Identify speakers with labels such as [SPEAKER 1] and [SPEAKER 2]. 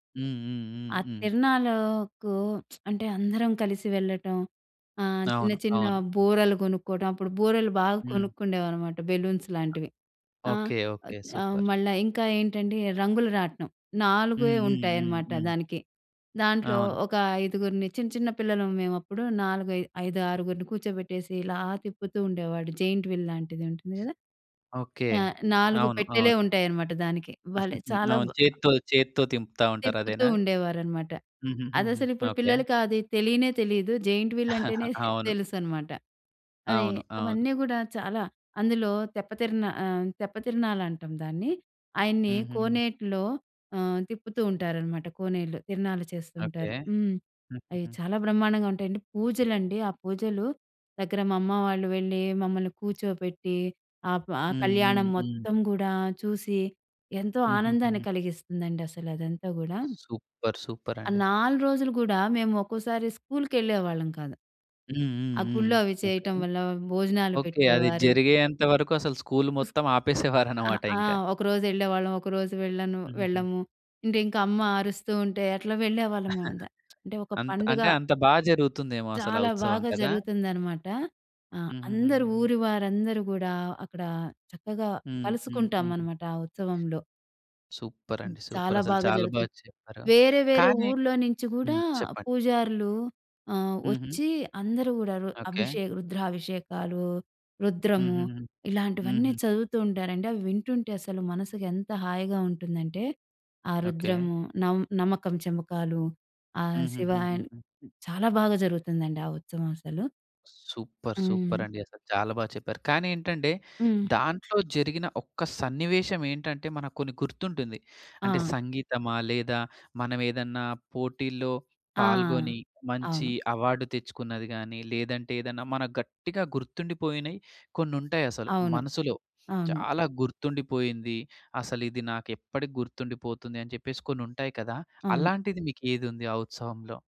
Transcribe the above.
[SPEAKER 1] హ్మ్. హ్మ్. హ్మ్.
[SPEAKER 2] ఆ
[SPEAKER 1] హ్మ్.
[SPEAKER 2] తిరణాలు కు అంటే అందరం కలిసి వెళ్ళటం, ఆహ్, చిన్న,
[SPEAKER 1] అవును.
[SPEAKER 2] చిన్న
[SPEAKER 1] అవును.
[SPEAKER 2] బూరలు కొనుక్కోవటం. అప్పుడు బూరలు బాగా
[SPEAKER 1] హ్మ్.
[SPEAKER 2] కొనుక్కుండేవారు మాట, బెలూన్స్ లాంటివి. ఆహ్,
[SPEAKER 1] ఓకే. ఓకే.
[SPEAKER 2] ఆహ్,
[SPEAKER 1] సూపర్!
[SPEAKER 2] మళ్ళా ఇంకా ఏంటండి, రంగుల రాట్నం.
[SPEAKER 1] హ్మ్.
[SPEAKER 2] నాలుగే
[SPEAKER 1] హ్మ్. హ్మ్.
[SPEAKER 2] ఉంటాయనమాట
[SPEAKER 1] హ్మ్.
[SPEAKER 2] దానికి. దాంట్లో
[SPEAKER 1] అవును.
[SPEAKER 2] ఒక ఐదుగురిని చిన్న, చిన్న పిల్లలం మేవప్పుడు. నాలుగై ఐదారుగురుని కూర్చోబెట్టేసి ఇలా తిప్పుతూ ఉండేవాడు. జెయింట్ వీల్ లాంటిది ఉంటుంది గదా!
[SPEAKER 1] ఓకే.
[SPEAKER 2] ఆ! 4
[SPEAKER 1] అవును.
[SPEAKER 2] పెట్టెలే
[SPEAKER 1] అవును.
[SPEAKER 2] ఉంటాయనమాట దానికి. భలే చాలా
[SPEAKER 1] అవును.
[SPEAKER 2] బ్
[SPEAKER 1] చేత్తో, చేత్తో దింపుతా ఉంటారు.
[SPEAKER 2] తిప్పుతూ
[SPEAKER 1] అదేనా?
[SPEAKER 2] ఉండేవారనమాట.
[SPEAKER 1] హుహుహుహు.
[SPEAKER 2] అదసలు ఇప్పుడు
[SPEAKER 1] ఓకే.
[SPEAKER 2] పిల్లలకి అది తెలీనే తెలీదు. జెయింట్ వీల్ అంటేనే
[SPEAKER 1] అవును.
[SPEAKER 2] తెలుసనమాట. అది
[SPEAKER 1] అవును. అవును.
[SPEAKER 2] అవన్నీ గూడా చాలా. అందులో తెప్పతిరన ఆహ్, తెప్పతిరనాలంటాం దాన్ని. ఆయన్ని
[SPEAKER 1] హుహుహు.
[SPEAKER 2] కోనేట్లో ఆహ్, తిప్పుతూ ఉంటారనమాట కోనేట్లో. తిరనాలు
[SPEAKER 1] ఓకే.
[SPEAKER 2] చేస్తుంటారు. హ్మ్. అవి
[SPEAKER 1] హుహుహు.
[SPEAKER 2] చాలా బ్రహ్మాండంగా ఉంటాయండి. పూజలండి. ఆ పూజలు దగ్గర మా అమ్మ వాళ్ళు వెళ్ళి మమ్మల్ని కూర్చోపెట్టి ఆప్ ఆ
[SPEAKER 1] హ్మ్. హ్మ్.
[SPEAKER 2] కళ్యాణం
[SPEAKER 1] హ్మ్.
[SPEAKER 2] మొత్తం గూడా చూసి, ఎంతో ఆనందాన్ని
[SPEAKER 1] హుహుహుహు.
[SPEAKER 2] కలిగిస్తుందండి అసలు అదంతా గూడా.
[SPEAKER 1] సూపర్!
[SPEAKER 2] ఆ
[SPEAKER 1] సూపరండి!
[SPEAKER 2] 4 రోజులు గూడా మేము ఒకోసారి స్కూల్‌కెళ్ళేవాళ్ళం కాదు.
[SPEAKER 1] హ్మ్. హ్మ్.
[SPEAKER 2] ఆ
[SPEAKER 1] హ్మ్.
[SPEAKER 2] గుళ్లో అవి
[SPEAKER 1] ఓకే.
[SPEAKER 2] చేయటం వల్ల భోజనాలు
[SPEAKER 1] ఓకే. అది
[SPEAKER 2] పెట్టేవారు.
[SPEAKER 1] జరిగేంత వరకు అసలు స్కూల్
[SPEAKER 2] స్
[SPEAKER 1] మొత్తం
[SPEAKER 2] ఆహ్,
[SPEAKER 1] ఆపేసేవారనమాట
[SPEAKER 2] ఆ!
[SPEAKER 1] ఇంకా.
[SPEAKER 2] ఒకరోజెళ్ళేవాళ్ళం. ఒకరోజు వెళ్ళను,
[SPEAKER 1] హుహుహు.
[SPEAKER 2] వెళ్ళము. అంటే ఇంకమ్మ అరుస్తూ ఉంటే అట్లా వెళ్ళేవాళ్ళమంత. అంటే ఒక
[SPEAKER 1] అంత్
[SPEAKER 2] పండుగ
[SPEAKER 1] అంటే అంత బా జరుగుతుందేమో అసలా
[SPEAKER 2] చాలా
[SPEAKER 1] ఉత్సవం
[SPEAKER 2] బాగా
[SPEAKER 1] కదా!
[SPEAKER 2] జరుగుతుందనమాట. ఆ! అందరూ
[SPEAKER 1] హుహుహుహుహు.
[SPEAKER 2] ఊరి వారందరూ గూడా అక్కడ చక్కగా
[SPEAKER 1] హ్మ్. హ్మ్. హ్మ్.
[SPEAKER 2] కలుసుకుంటామనమాట ఆ ఉత్సవంలో. హ్మ్.
[SPEAKER 1] సూపరండి!
[SPEAKER 2] చాలా
[SPEAKER 1] సూపరసలు.
[SPEAKER 2] బాగా
[SPEAKER 1] చాలా బా
[SPEAKER 2] జరుగుతుంది.
[SPEAKER 1] చెప్పారు.
[SPEAKER 2] వేరే, వేరే
[SPEAKER 1] కానీ
[SPEAKER 2] ఊర్లో నుంచి గూడా
[SPEAKER 1] హ్మ్. చెప్పండి.
[SPEAKER 2] పూజారులు ఆహ్,
[SPEAKER 1] హుహు.
[SPEAKER 2] ఒచ్చి అందరూ గూడా రు
[SPEAKER 1] ఓకే.
[SPEAKER 2] అభిషేక, రుద్రాభిషేకాలు, రుద్రము
[SPEAKER 1] హుహుహు.
[SPEAKER 2] ఇలాంటివన్నీ
[SPEAKER 1] హుహు.
[SPEAKER 2] చదువుతూ ఉంటారండి. అవి వింటుంటే అసలు మనసుకెంత హాయిగా ఉంటుందంటే, ఆ
[SPEAKER 1] ఓకే.
[SPEAKER 2] రుద్రము, నమ్ నమకం చెమకాలు, ఆ శివయన్
[SPEAKER 1] హుహుహుహుహు.
[SPEAKER 2] చాలా బాగా జరుగుతుందండి ఆ ఉత్సవం అసలు.
[SPEAKER 1] సూపర్!
[SPEAKER 2] హ్మ్.
[SPEAKER 1] సూపరండి! అసలు చాలా బా చెప్పారు. కానీ ఏంటంటే
[SPEAKER 2] హ్మ్.
[SPEAKER 1] దాంట్లో జరిగిన ఒక్క సన్నివేశం ఏంటంటే, మనకు కొన్ని గుర్తుంటుంది. అంటే
[SPEAKER 2] ఆ!
[SPEAKER 1] సంగీతమా లేదా మనం ఏదన్నా పోటీల్లో
[SPEAKER 2] ఆ!
[SPEAKER 1] పాల్గొని, మంచి
[SPEAKER 2] అవును.
[SPEAKER 1] అవార్డ్ తెచ్చుకున్నది గానీ, లేదంటే ఏదన్నా మనకు గట్టిగా గుర్తుండిపోయినయి కొన్నుంటాయసలు.
[SPEAKER 2] అవును.
[SPEAKER 1] మనసులో
[SPEAKER 2] అవును.
[SPEAKER 1] చాలా గుర్తుండిపోయింది. అసలిది నాకెప్పడికీ గుర్తుండిపోతుంది అని చెప్పేసి కొన్నుంటాయి కదా!
[SPEAKER 2] అవును.
[SPEAKER 1] అలాంటిది మీకేదుంది ఆ ఉత్సవంలో?